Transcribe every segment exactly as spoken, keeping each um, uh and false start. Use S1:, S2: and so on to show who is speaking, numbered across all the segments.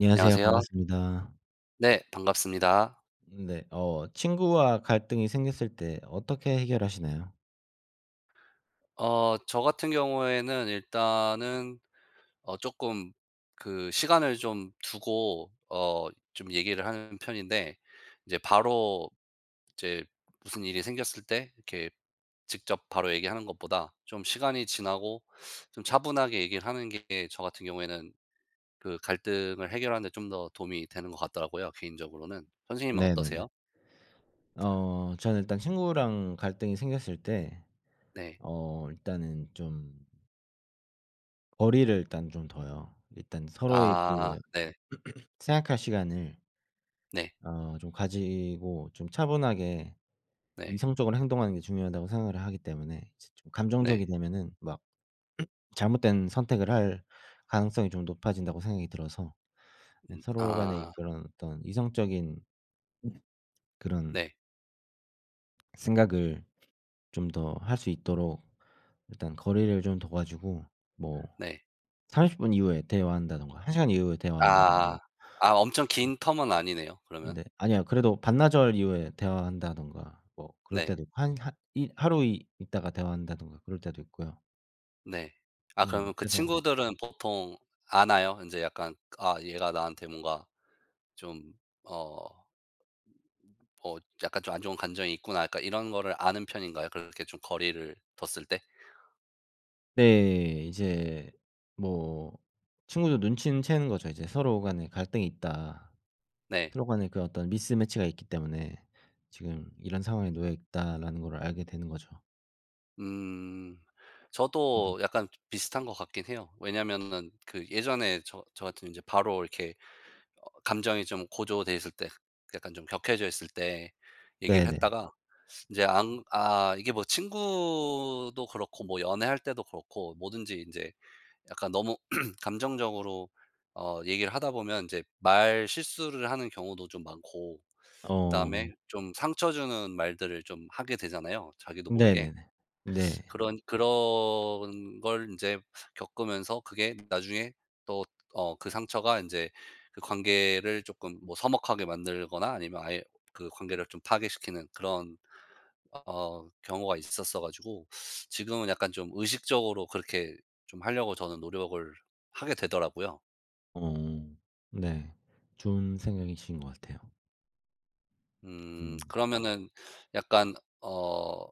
S1: 안녕하세요.
S2: 안녕하세요.
S1: 반갑습니다.
S2: 네 반갑습니다.
S1: 음 네. 어 친구와 갈등이 생겼을 때 어떻게 해결하시나요?
S2: 어 저 같은 경우에는 일단은 어 쪼끔 그 시간을 좀 두고 어 좀 얘기를 하는 편인데 이제 바로 이제 무슨 일이 생겼을 때 이렇게 직접 바로 얘기하는 것보다 좀 시간이 지나고 좀 차분하게 얘기를 하는 게 저 같은 경우에는 그 갈등을 해결하는 데 좀 더 도움이 되는 것 같더라고요 개인적으로는. 선생님은
S1: 네네네.
S2: 어떠세요?
S1: 어 저는 일단 친구랑 갈등이 생겼을 때
S2: 네.
S1: 어 일단은 좀 거리를 일단 좀 둬요. 일단 서로의
S2: 아
S1: 그
S2: 네.
S1: 생각할 시간을
S2: 네.
S1: 어 좀 가지고 좀 차분하게
S2: 네.
S1: 이성적으로 행동하는 게 중요하다고 생각을 하기 때문에 이제 좀 감정적이
S2: 네.
S1: 되면은 막 잘못된 선택을 할 가능성이 좀 높아진다고 생각이 들어서 이제
S2: 음
S1: 서로 간의
S2: 아.
S1: 그런 어떤 이성적인 그런
S2: 네.
S1: 생각을 좀 더 할 수 있도록 일단 거리를 좀 둬 가지고 뭐
S2: 네.
S1: 삼십 분 이후에 대화한다든가 한 시간 이후에 대화한다든가.
S2: 아. 아 엄청 긴 텀은 아니네요 그러면.
S1: 네 아니요. 그래도 반나절 이후에 대화한다든가 뭐 그럴
S2: 네.
S1: 때도 있고 한 한 이 하루 이 있다가 대화한다든가 그럴 때도 있고요.
S2: 네. 아
S1: 네.
S2: 그러면 그
S1: 그래서
S2: 친구들은 보통 아나요? 인제 약간 '아 얘가 나한테 뭔가 좀 어, 어 약간 좀 안 좋은 감정이 있구나.' 약간 이런 거를 아는 편인가요 그렇게 좀 거리를 뒀을 때?
S1: 네. 이제 뭐 친구도 눈치는 채는 거죠 이제 '서로 간에 갈등이 있다.
S2: 네.
S1: 서로 간에 그 어떤 미스매치가 있기 때문에 지금 이런 상황에 놓여 있다.'라는 거를 알게 되는 거죠.
S2: 음. 저도
S1: [unintelligible]
S2: 약간 비슷한 것 같긴 해요. 왜냐하면은 그 예전에 저 저 같은 경우는 이제 바로 어 감정이 좀 고조되어 있을 때 약간 좀 격해져 있을 때 얘기를
S1: 네네.
S2: 했다가 인제 안 아 이게 뭐 친구도 그렇고 뭐 연애할 때도 그렇고 뭐든지 인제 약간 너무 감정적으로 어 얘기를 하다 보면 인제 말 실수를 하는 경우도 좀 많고 그 다음에
S1: 어.
S2: 좀 상처 주는 말들을 좀 하게 되잖아요 자기도 모르게.
S1: 네네네. 네.
S2: 그런 그런 걸 인제 겪으면서 그게 나중에 또 어 그 상처가 인제 그 관계를 쪼끔 뭐 서먹하게 만들거나 아니면 아예 그 관계를 좀 파괴시키는 그런 어 경우가 있었어 가지고 지금은 약간 좀 의식적으로 그렇게 좀 하려고 저는 노력을 하게 되더라고요.
S1: 어. 네. 좋은 생각이신 것 같아요.
S2: 음
S1: 음.
S2: 그러면은 약간 어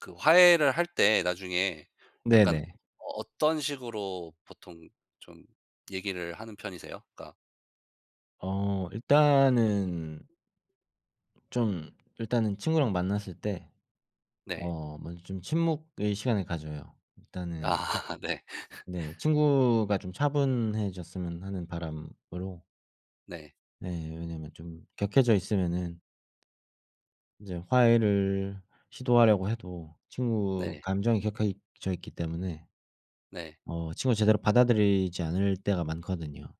S2: 그 화해를 할 때 나중에 약간
S1: 네네.
S2: 어떤 식으로 보통 좀 얘기를 하는 편이세요? 그러니까
S1: 아 일단은 좀 일단은 친구랑 만났을 때
S2: 네.
S1: 어 먼저 좀 침묵의 시간을 가져요. 일단은
S2: 아 네.
S1: 네, 친구가 좀 차분해졌으면 하는 바람으로
S2: 네.
S1: 네, 왜냐하면 좀 격해져 있으면은 이제 화해를 시도하려고 해도 친구
S2: 네.
S1: 감정이 격해있 져 있기 때문에
S2: 네.
S1: 어 친구가 제대로 받아들이지 않을 때가 많거든요.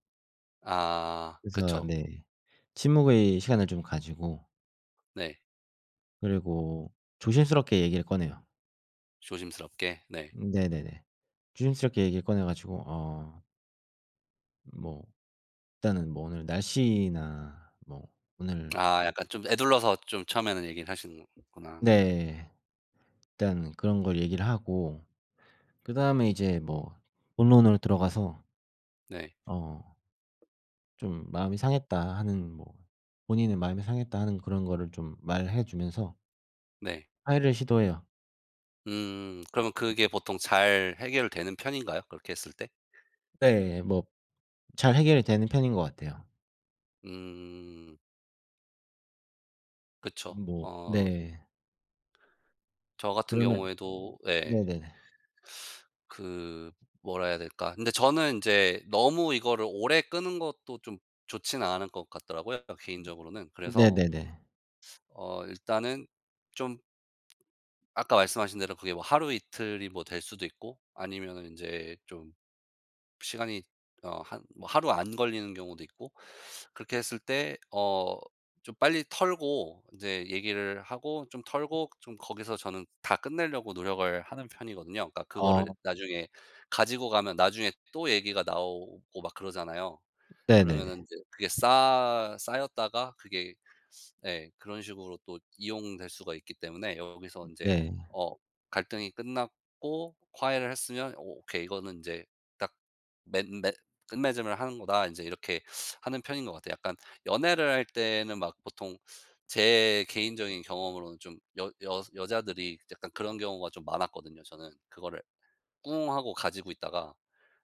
S2: 아
S1: 그래서
S2: 그쵸.
S1: 네 침묵의 시간을 좀 가지고
S2: 네.
S1: 그리고 조심스럽게 얘기를 꺼내요.
S2: 조심스럽게? 네.
S1: 음 네네네. 조심스럽게 얘기를 꺼내 가지고 어 뭐 일단은 뭐 오늘 날씨나 뭐 오늘
S2: 아 약간 좀 에둘러서 좀 처음에는 얘기를 하시는구나 그러면은.
S1: 네. 일단은 그런 걸 얘기를 하고 그 다음에 이제 뭐 본론으로 들어가서
S2: 네.
S1: 어 좀 "마음이 상했다." 하는 뭐 "본인의 마음이 상했다." 하는 그런 거를 좀 말해 주면서
S2: 네.
S1: 화해를 시도해요.
S2: 음 그러면
S1: 네.
S2: 그게 보통 잘 해결되는 편인가요? 그렇게 했을 때?
S1: 네. 뭐 잘 해결이 되는 편인 것 같아요.
S2: 음. 그쵸.
S1: 음 뭐
S2: 어 좀.
S1: 네.
S2: 저 같은
S1: 그러면
S2: 경우에도 예.
S1: 네네네.
S2: 그 뭐라 해야 될까. 근데 저는 인제 너무 이거를 오래 끄는 것도 좀 좋지는 않은 것 같더라고요 개인적으로는. 그래서
S1: 네네네.
S2: 어 일단은 좀 아까 말씀하신 대로 그게 뭐 하루 이틀이 뭐 될 수도 있고 아니면은 인제 좀 시간이 어 한 뭐 하루 안 걸리는 경우도 있고 그렇게 했을 때 어 좀 빨리 털고 인제 얘기를 하고 좀 털고 좀 거기서 저는 다 끝내려고 노력을 하는 편이거든요. 그러니까 그거를
S1: 아.
S2: 나중에 가지고 가면 나중에 또 얘기가 나오고 막 그러잖아요. 그러면은
S1: 네네네.
S2: 인제 그게 싸 쌓였다가 그게 예 그런 식으로 또 이용될 수가 있기 때문에 여기서
S1: 음
S2: 인제
S1: 네.
S2: 어 갈등이 끝났고 '화해를 했으면 오케이. 이거는 인제 딱 맺 맺 끝맺음을 하는 거다.' 인제 이렇게 하는 편인 것 같아요. 약간 연애를 할 때는 막 보통 제 개인적인 경험으로는 좀 여 여 여자들이 약간 그런 경우가 좀 많았거든요 저는. 그거를 꿍하고 가지고 있다가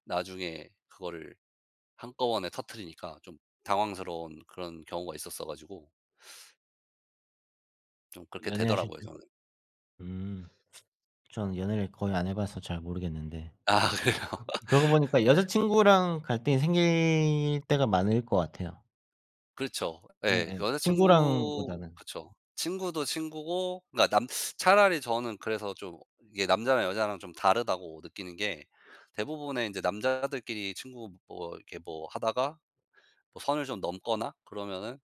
S2: 나중에 그거를 한꺼번에 터뜨리니까 좀 당황스러운 그런 경우가 있었어 가지고 좀 그렇게
S1: 연애 하실
S2: 되더라고요
S1: 때
S2: 저는.
S1: 음. 전 연애를 거의 안 해 봐서 잘 모르겠는데
S2: 아 그래요.
S1: 그러고 보니까 여자친구랑 갈등이 생길 때가 많을 것 같아요.
S2: 그렇죠 예.
S1: 예.
S2: 여자친구
S1: 친구랑보다는.
S2: 그렇죠. 친구도 친구고 그러니까 남 차라리 저는 그래서 좀 이게 남자랑 여자랑 좀 다르다고 느끼는 게 대부분의 인제 남자들끼리 친구 뭐 이렇게 뭐 하다가 어 선을 좀 넘거나 그러면은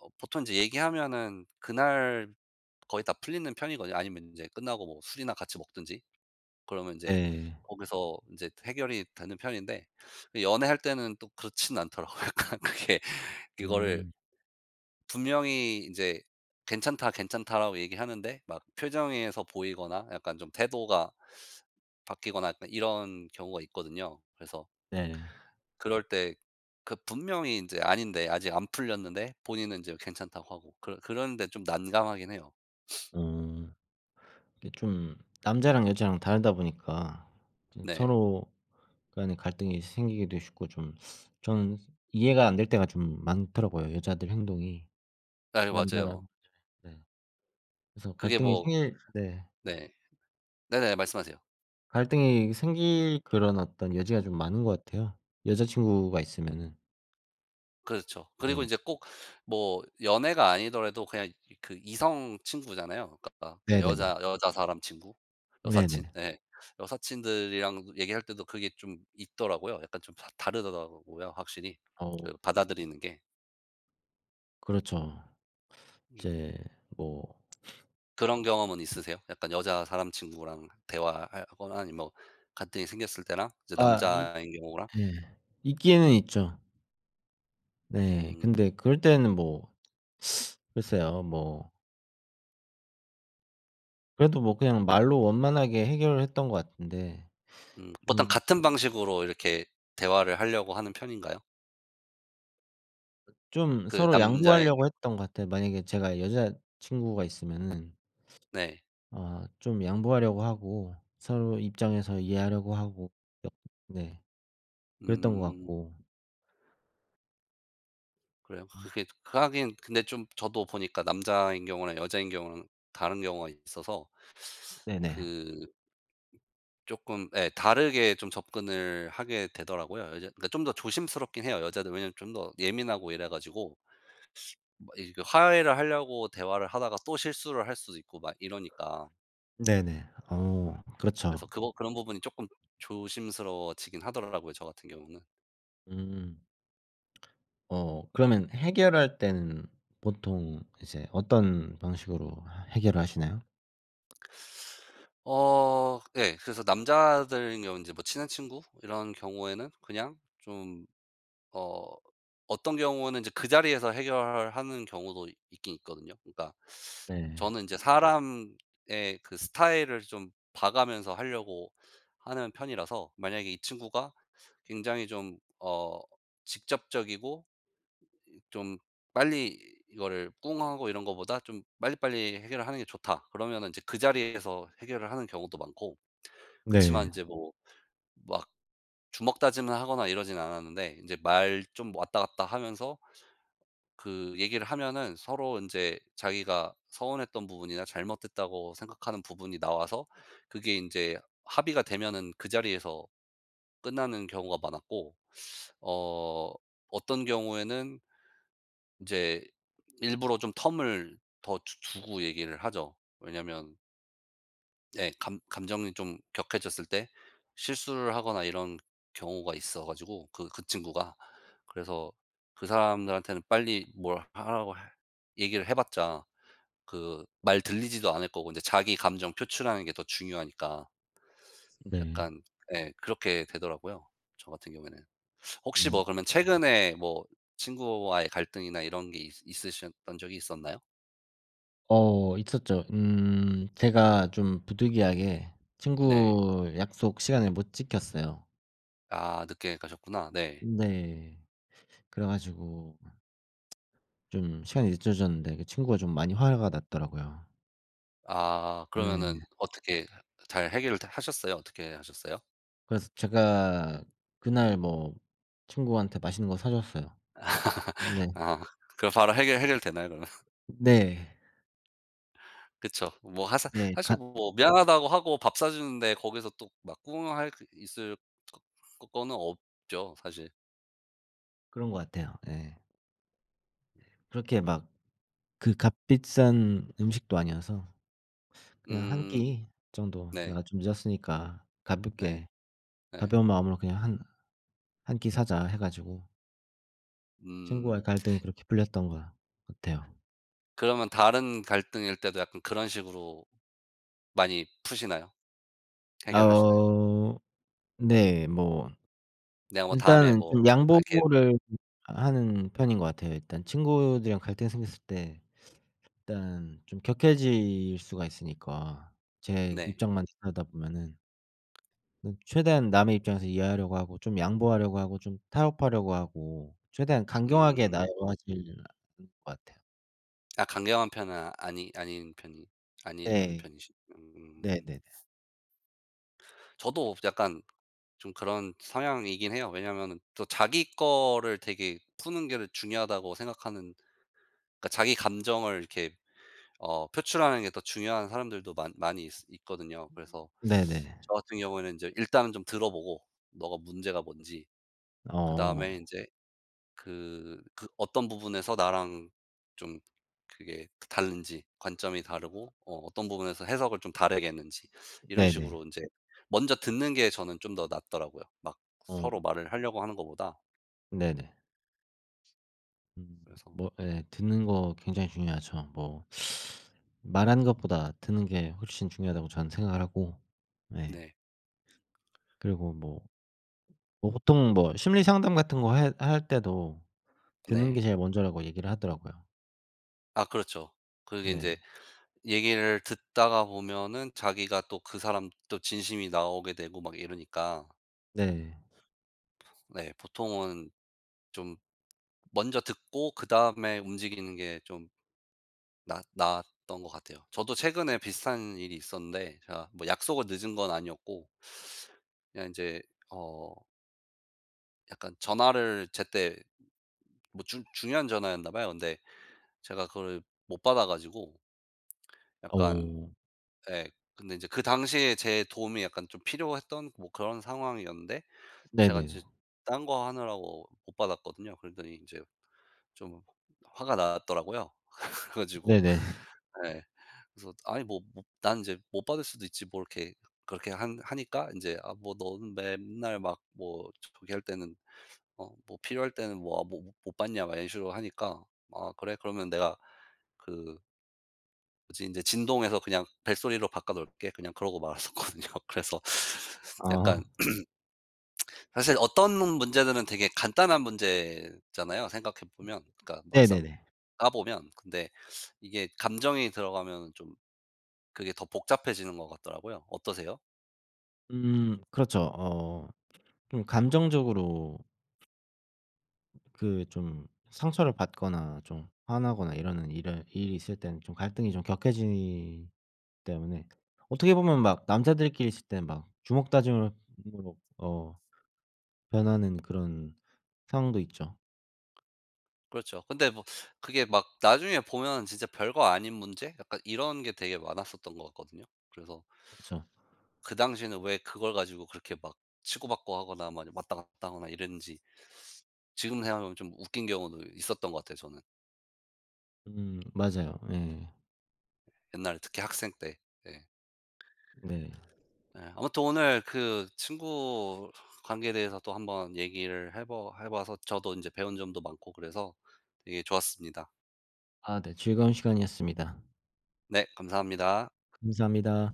S2: 어 보통 인제 얘기하면은 그날 거의 다 풀리는 편이거든요. 아니면 인제 끝나고 뭐 술이나 같이 먹든지 그러면 인제
S1: 네.
S2: 거기서 인제 해결이 되는 편인데 이 연애할 때는 또 그렇진 않더라고요. 약간 그게 그거를
S1: 음.
S2: 분명히 인제 "괜찮다, 괜찮다."라고 얘기하는데 막 표정에서 보이거나 약간 좀 태도가 바뀌거나 약간 이런 경우가 있거든요. 그래서
S1: 네.
S2: 그럴 때 그 분명히 인제 아닌데 아직 안 풀렸는데 본인은 인제 괜찮다고 하고 그런 그런게 좀 난감하긴 해요.
S1: 음 이게 좀 남자랑 여자랑 다르다 보니까 좀
S2: 네.
S1: 서로 간의 갈등이 생기기도 쉽고 좀 전 이해가 안 될 때가 좀 많더라고요 여자들 행동이.
S2: 아 네 맞아요.
S1: 남자랑 네 그래서
S2: 그게
S1: 갈등이
S2: 뭐
S1: 생길 네.
S2: 네. 네네 말씀하세요.
S1: 갈등이 생길 그런 어떤 여지가 좀 많은 것 같아요 여자친구가 있으면은.
S2: 그렇죠. 그리고
S1: 네.
S2: 이제 꼭 뭐 연애가 아니더라도 그냥 그 이성 친구잖아요. 그러니까 그냥
S1: 네네네.
S2: 여자 여자 사람 친구 여사친
S1: 네네.
S2: 예 여사친들이랑 얘기할 때도 그게 좀 있더라고요. 약간 좀 다 다르더라고요 확실히
S1: 아우.
S2: 그 받아들이는 게.
S1: 그렇죠
S2: 음.
S1: 이제 뭐
S2: 그런 경험은 있으세요? 약간 여자 사람 친구랑 대화 할 하거나 아니면 뭐 갈등이 생겼을 때랑? 이제
S1: 아 있
S2: 남자인 경우랑?
S1: 예 있기에는 있죠. 네
S2: 음.
S1: 근데 그럴 때는 뭐 글쎄요. 뭐 그래도 뭐 그냥 말로 원만하게 해결을 했던 것 같은데
S2: 음. 보통
S1: 음.
S2: 같은 방식으로 이렇게 대화를 하려고 하는 편인가요?
S1: 어 좀
S2: 그
S1: 서로
S2: 남자인
S1: 양보하려고 했던 것 같아요. 만약에 제가 여자 친구가 있으면은
S2: 네.
S1: 어 좀 양보하려고 하고 서로 입장에서 이해하려고 하고 옆 네 그랬던 것
S2: 음.
S1: 같고.
S2: 그래요. 그
S1: 음.
S2: 그게 하긴 근데 좀 저도 보니까 남자인 경우랑 여자인 경우랑 다른 경우가 있어서
S1: 네네.
S2: 그 쪼끔 예 다르게 좀 접근을 하게 되더라고요. 여자 그러니까 좀 더 조심스럽긴 해요 여자들이. 왜냐하면 좀 더 예민하고 이래 가지고 수 막 이렇게 화해를 하려고 대화를 하다가 또 실수를 할 수도 있고 막 이러니까.
S1: 네네. 어
S2: 그래서
S1: 그렇죠.
S2: 그거 그런 부분이 조금 조심스러워지긴 하더라고요 저 같은 경우는.
S1: 음. 어 그러면 해결할 때는 보통 이제 어떤 방식으로 해결하시나요?
S2: 어. 예 그래서 남자들인 경우는 뭐 인제 친한 친구 이런 경우에는 그냥 좀 어 어떤 경우에는 인제 그 자리에서 해결을 하는 경우도 있긴 있거든요. 그러니까
S1: 네.
S2: 저는 인제 사람의 그 스타일을 좀 봐 가면서 하려고 하는 편이라서 만약에 이 친구가 굉장히 좀 어 직접적이고 이 좀 빨리 이거를 꿍하고 이런 것보다 좀 빨리빨리 해결하는 게 좋다 그러면 인제 그 자리에서 해결을 하는 경우도 많고. 그렇지만
S1: 네.
S2: 인제 뭐 막 주먹다짐을 하거나 이러진 않았는데 인제 말 좀 왔다 갔다 하면서 그 얘기를 하면은 서로 인제 자기가 서운했던 부분이나 잘못됐다고 생각하는 부분이 나와서 그게 인제 합의가 되면은 그 자리에서 끝나는 경우가 많았고 어 어떤 경우에는 이제 일부러 좀 텀을 더 두 주 두고 얘기를 하죠. 왜냐하면 예 감 감정이 좀 격해졌을 때 실수를 하거나 이런 경우가 있어 가지고 그 그 친구가. 그래서 그 사람들한테는 빨리 뭘 하라고 할 얘기를 해 봤자 그 말 들리지도 않을 거고 인제 자기 감정 표출하는 게 더 중요하니까
S1: 네.
S2: 약간 예 그렇게 되더라고요 저 같은 경우에는. 혹시
S1: 음.
S2: 뭐 그러면 최근에 뭐 친구와의 갈등이나 이런 게 있 있으셨던 적이 있었나요?
S1: 어 있었죠. 음. 제가 좀 부득이하게
S2: 네.
S1: 친구 약속 시간을 못 지켰어요.
S2: 아 늦게 가셨구나. 네.
S1: 네 그래 가지고 음 좀 시간이 늦춰졌는데 그 친구가 좀 많이 화가 났더라고요.
S2: 아 그러면은
S1: 네네.
S2: 어떻게 하 잘 해결을 다 하셨어요? 어떻게 하셨어요?
S1: 그래서 제가 그날 뭐 친구한테 맛있는 거 사줬어요. 네.
S2: 아 그럼 바로 해결 해결 되나요 그러면?
S1: 네.
S2: 그쵸. 뭐 하사
S1: 네
S2: 사실
S1: 같
S2: 뭐 미안하다고 하고 밥 사 주는데 거기서 또 막 꿍할 그 있을 거 거 거는 없죠 사실.
S1: 그런 것 같아요. 예. 그렇게 막 그 값비싼 음식도 아니어서 그냥 한
S2: 음.
S1: 끼 정도
S2: 네.
S1: 내가 좀 늦었으니까
S2: 네.
S1: 가볍게
S2: 네.
S1: 가벼운 마음으로 그냥 한 한 끼 사자 해 가지고 친구와의
S2: 음.
S1: 갈등이 그렇게 풀렸던 것 같아요.
S2: 그러면 다른 갈등일 때도 약간 그런 식으로 많이 푸시나요? 해결하시나요?
S1: 아우 네 뭐
S2: 내가 뭐 다음에
S1: 일단은
S2: 뭐
S1: 좀
S2: 살게.
S1: 양보를 하는 편인 것 같아요. 일단 친구들이랑 갈등이 생겼을 때 일단은 좀 격해질 수가 있으니까 제
S2: 네.
S1: 입장만 들여다보면은 음 최대한 남의 입장에서 이해하려고 하고 좀 양보하려고 하고 좀 타협하려고 하고 최대한 강경하게
S2: 음.
S1: [unintelligible] 것 같아요.
S2: 아 강경한 편은 아니 아닌 편이 아니라는
S1: 네.
S2: 편이시 음.
S1: 네네네.
S2: 저도 없 약간 좀 그런 성향이긴 해요. 왜냐하면은 또 자기 거를 되게 푸는 게 더 중요하다고 생각하는 그러니까 자기 감정을 이렇게 어 표출하는 게 더 중요한 사람들도 많 많이 있으 있거든요. 그래서
S1: 네네.
S2: 저 같은 경우에는 인제 일단 좀 들어보고 너가 문제가 뭔지 그
S1: 어.
S2: 다음에 인제 그 그 어떤 부분에서 나랑 좀 그게 그 다른지 관점이 다르고 어 어떤 부분에서 해석을 좀 다르게 했는지 이런
S1: 네네.
S2: 식으로 인제 먼저 듣는 게 저는 좀 더 낫더라고요. 막
S1: 어.
S2: 서로 말을 하려고 하는 것보다.
S1: 네네. 음.
S2: 그래서
S1: 뭐 예 듣는 거 굉장히 중요하죠. 뭐 말하는 것보다 듣는 게 훨씬 중요하다고 전 생각을 하고 네.
S2: 네.
S1: 그리고 뭐 뭐 보통 뭐 심리 상담 같은 거 해 할 때도 듣는
S2: 네.
S1: 게 제일 먼저라고 얘기를 하더라고요.
S2: 아 그렇죠. 그리고 인제
S1: 네.
S2: 얘기를 듣다가 보면은 자기가 또 그 사람 또 진심이 나오게 되고 막 이러니까.
S1: 네.
S2: 네 보통은 좀 먼저 듣고 그 다음에 움직이는 게 좀 나아 나았던 것 같아요. 저도 최근에 비슷한 일이 있었는데 제가 뭐 약속을 늦은 건 아니었고 그냥 인제 어 약간 전화를 제때 뭐 중 중요한 전화였나 봐요. 근데 제가 그걸 못 받아 가지고 약간
S1: 어우.
S2: 예 근데 인제 그 당시에 제 도움이 약간 좀 필요했던 뭐 그런 상황이었는데 제가
S1: 네네.
S2: 인제 딴 거 하느라고 못 받았거든요. 그랬더니 인제 좀 화가 났더라고요. 그래 가지고
S1: 네네.
S2: 예 그래서 아니 뭐 모 난 이제 못 받을 수도 있지 뭐 그렇게 한 하니까 인제 "아 뭐 너는 맨날 막 뭐 저기 할 때는 어 뭐 필요할 때는 뭐 모 못 받냐." 막 이런식으로 하니까 "아 그래 그러면 내가 그" "그래서 인제 진동에서 그냥 벨소리로 바꿔 놓을게." 그냥 그러고 말았었거든요. 그래서 약간
S1: 아.
S2: 사실 어떤 문 문제들은 되게 간단한 문제잖아요 생각해보면. 그러니까 막상
S1: 네네네.
S2: 까 보면 근데 이게 감정이 들어가면 좀 그게 더 복잡해지는 것 같더라고요. 어떠세요?
S1: 음 그렇죠. 어 좀 감정적으로 그 좀 상처를 받거나 좀 화나거나 이러는 일을 일이 있을 때는 좀 갈등이 좀 격해지기 때문에 어떻게 보면 막 남자들끼리 있을 땐 막 주먹다짐으로 [unintelligible] 어 변하는 그런 상황도 있죠.
S2: 그렇죠. 근데 뭐 그게 막 나중에 보면 진짜 별거 아닌 문제 약간 이런 게 되게 많았었던 것 같거든요. 그래서
S1: 그렇죠.
S2: 그 당시에는 왜 그걸 가지고 그렇게 막 치고받고 하거나 막 왔다 갔다 하거나 이랬는지 지금 생각하면 좀 웃긴 경우도 있었던 것 같아요 저는.
S1: 음 맞아요 예.
S2: 옛날 특히 학생 때. 예.
S1: 네.
S2: 예. 아무튼 오늘 그 친구 관계에 대해서 또 한번 얘기를 해 봐 해 봐서 저도 인제 배운 점도 많고 그래서 되게 좋았습니다.
S1: 아 네 즐거운 시간이었습니다.
S2: 네 감사합니다.
S1: 감사합니다.